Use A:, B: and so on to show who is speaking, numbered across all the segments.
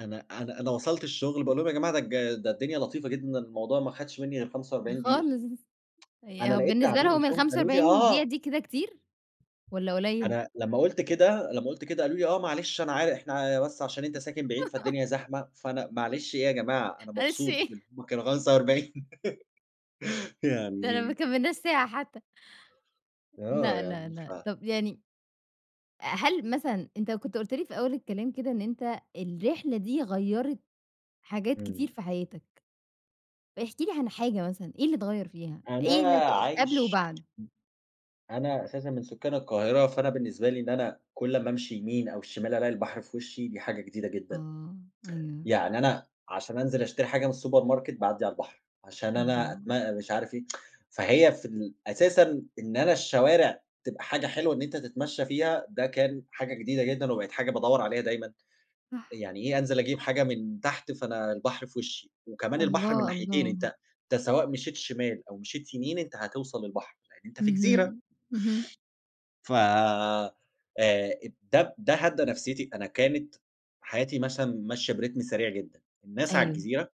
A: أنا أنا أنا وصَلت الشغل باقول لهم: "يا جماعة ده الج ده الدنيا لطيفة جدًا، الموضوع ما أخدش مني غير 45 دقيقة."
B: خالص
A: أنا
B: ي
A: لقيت
B: بالنسبة
A: تعابير
B: لهم
A: وشّهم
B: الخمسة
A: قالوا لي:
B: وأربعين دقيقة
A: "آه."
B: دي كده كتير والَّا قليّل؟
A: أنا لمّا قُلت كده لمّا قلت كده، قالوا لي: "آه، معلش أنا عار إحنا بس عشان أنت ساكن بعيد فالدنيا زحمة." فأنا معلش إيه يا جماعة، أنا
B: معلش
A: مبسوط بإن
B: إيه؟!
A: هُم كانوا 45
B: ده أنا ما
A: يعني
B: كمّلناش ساعة حتى.
A: آه،
B: لأ، لأ،
A: يعني،
B: لأ،
A: ف
B: طَب يعني، آآ، هل مثلًا، أنت كنت قُلت لي في أول الكلام كده إن أنت الرحلة دي غيّرِت حاجات
A: إمم.
B: كتير في حياتك، احكِ لي عن حاجة مثلًا، إيه اللي اتغيّر فيها،
A: أنا
B: إيه اللي ك قبْل
A: عايش م
B: وبَعد؟
A: أنا أساسًا من سُكّان القاهرة، فأنا بالنسبة لي إن أنا كلّ ما أمشي يمين أو شِمال ألاقي البحر في وشّي، دي حاجة جديدة جدًا،
B: آه، أيوه.
A: يعني أنا عشان أنزِل أشتري حاجة من الsupermarket باعدي على البحر، عشان أنا
B: الله.
A: أتم مش عارف إيه، فهي في ال أساسًا إن أنا الشوارع تبقى حاجة حلوة إن أنت تتمشّى فيها ده كان حاجة جديدة جدًا وبقِت حاجة بادوّر عليها دايمًا،
B: صح.
A: يعني إيه أنزِل أجيب حاجة من تحت فأنا البحر في وشّي وكمان البحر من
B: الله،
A: ناحيتين،
B: الله.
A: أنت أنت سواء مشيت شِمال أو مشيت يمين أنت هتوصَل البحر، لأن أنت في جزيرة.
B: اهم، اهم.
A: ف آآ، ده ده هدّى نفسيتي. أنا كانت حياتي مثلًا ماشية برتم سريع جدًا، الناس على
B: أيوه.
A: الجزيرة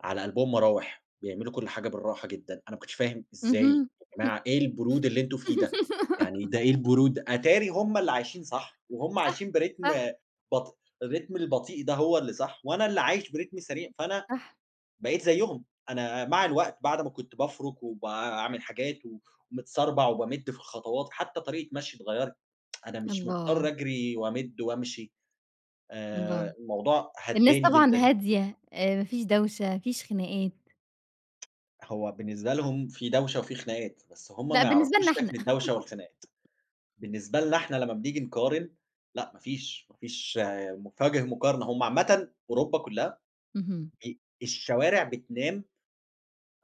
A: على قلْبهم مراوح، بيعملوا كلّ حاجة بالراحة جدًا، أنا ما كنتش فاهم إزاي
B: اهم.
A: يا جماعة، إيه البرود اللي أنتم فيه ده! يعني ده إيه البرود أتاري هُم اللي عايشين صح وهُم
B: صح،
A: عايشين برتم
B: صح.
A: بط الرتم البطيئ ده هو اللي صح، وأنا اللي عايش برتم سريع،
B: إمم،
A: فأنا
B: صح.
A: بقيت زيّهم، أنا مع الوقت بعد ما كنت بافرُك وباعمل حاجات ومتسربَع وبامِدّ في الخطوات، حتى طريقة مشيي اتغيّرِت، أنا مش مضطر
B: الله.
A: أجرِي وأمِدّ وأمشي
B: الله،
A: آآ، الموضوع
B: الناس
A: هدّاني
B: طبعًا
A: جدًا.
B: هادية آآ، ما فيش دوشة، ما فيش خناقات.
A: هو بالنسبة لهم في دوشة وفي خناقات بس هُم
B: لأ
A: ما
B: بالنسبة
A: يعرَفوش
B: لنا إحنا.
A: شكل الدوشة والخناقات. بالنسبة لنا إحنا لما بنيجي نقارن، لأ ما فيش، ما فيش مف وجْه مقارنة، هُم عامةً أوروبا كلها
B: اهم.
A: ب الشوارع بتنام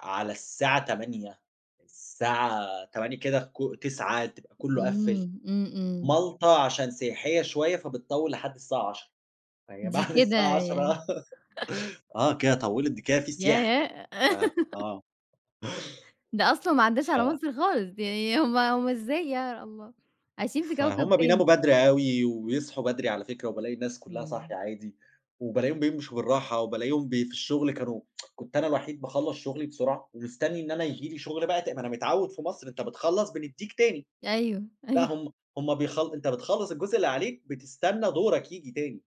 A: على الساعة 20:00 الساعة 20:00 كده ك 21:00 تبقى كلّه قفِّل،
B: إمم، إمم، إمم.
A: مالطا عشان سياحية شوية فبتطوِّل لحد الساعة 22:00، فهي
B: دي
A: بعد
B: كده
A: الساعة
B: يعني
A: 22:00 آه، كده طوّلِت، ده كده في سياحة
B: ياه!
A: آآ، آه.
B: ده أصلًا ما عدّاش
A: ف
B: على مصر خالص، يعني هُم هُم إزاي يا الله، عايشين في كوكب
A: فهُم
B: تاني.
A: بيناموا بدري أوي ويصحُوا بدري على فكرة وبالاقي الناس كلّها
B: إمم.
A: صاحية عادي وبالاقيهم بيمشُوا بالراحة وبالاقيهم ب في الشغل كانوا كنت أنا الوحيد باخلّص شُغلي بسرعة ومستنّي إن أنا ييجي لي شُغل بقى تا ما أنا متعوِّد في مصر أنت بتخلّص بندّيك تاني،
B: أيوه،
A: لأ،
B: أيوه.
A: هُم هُم، بيخل أنت بتخلّص الجزء اللي عليك، بتستنى دورك ييجي تاني.